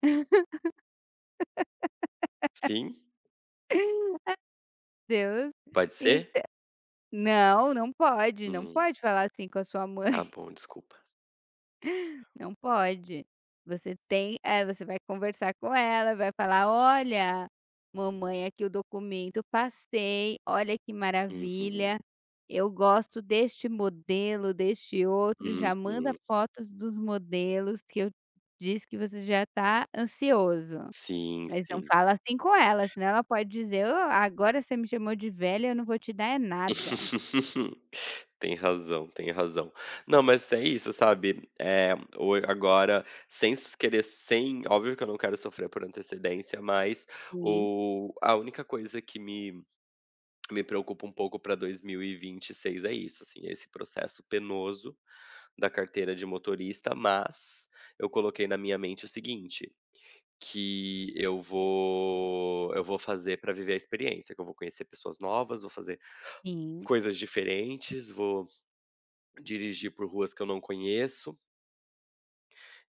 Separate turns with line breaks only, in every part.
Sim.
A Deus.
Pode ser?
Então, não, não pode não
Hum.
pode falar assim com a sua
Tá
mãe.
bom, desculpa.
Não pode, você tem eh, você vai conversar com ela, vai falar: "Olha, mamãe aqui o documento, eu passei, olha que
Uhum.
maravilha, eu gosto deste modelo, deste outro e já manda
Uhum.
fotos dos modelos que eu disse que você já tá ansioso.",
Sim,
mas não
sim.
fala assim com ela senão ela pode dizer: "O, agora você me chamou de velha eu não vou te dar é nada".
Tem razão, tem razão. Não, mas é isso, sabe, eh, o a agora, sem s so querer sem, óbvio que eu não quero sofrer por antecedência, mas
Sim.
o a única coisa que me me preocupa um pouco para 2026 é isso, assim, esse processo penoso da carteira de motorista, mas eu coloquei na minha mente o seguinte, que eu vou eu vou fazer pra viver a experiência, que eu vou conhecer pessoas novas, vou fazer
Sim.
coisas diferentes, vou dirigir por ruas que eu não conheço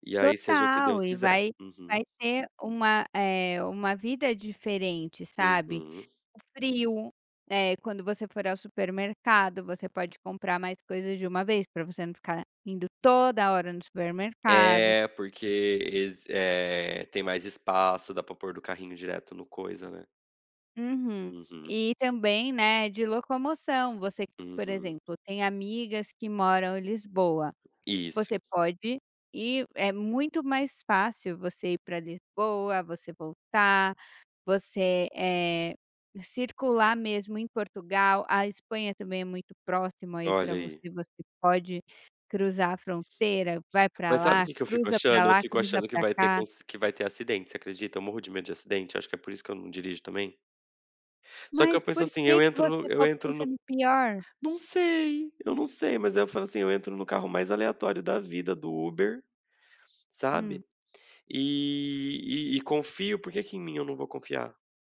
e aí seja o que
Total
Deus
e
quiser.
vai
Uhum.
vai ter uma, eh, uma vida diferente, sabe,
Uhum.
o frio, eh, quando você for ao supermercado você pode comprar mais coisas de uma vez pra você não ficar indo toda hora no supermercado.
É, porque ess eh, tem mais espaço, dá pra pôr do carrinho direto no coisa, né.
Uhum.
Uhum.
E também, né, de locomoção, você que, por
Uhum.
exemplo, tem amigas que moram em Lisboa, você
Isso.
pode e é muito mais fácil você ir pra Lisboa, você voltar, você, eh, circular mesmo em Portugal, a Espanha também é muito próxima aí pra
Olha aí.
você, você pode cruzar a fronteira, vai pra
Mas, sabe, o
lá,
que que eu fico
cruza pra
achando? Eu
lá,
fico
cruza
achando que
pra
vai ter
cá.
cons que vai ter acidente, você acredita? Eu morro de medo de acidente, eu acho que é por isso que eu não dirijo também. Só que
Mas
eu penso
porque
assim: "Eu
que
entro no
você tá
eu entro no"
pensando pior?
Não sei, eu não sei, mas aí eu falo, assim: "Eu entro no carro mais aleatório da vida do Uber,
Hum.
sabe, e e e confio, porque que em mim eu não vou confiar?".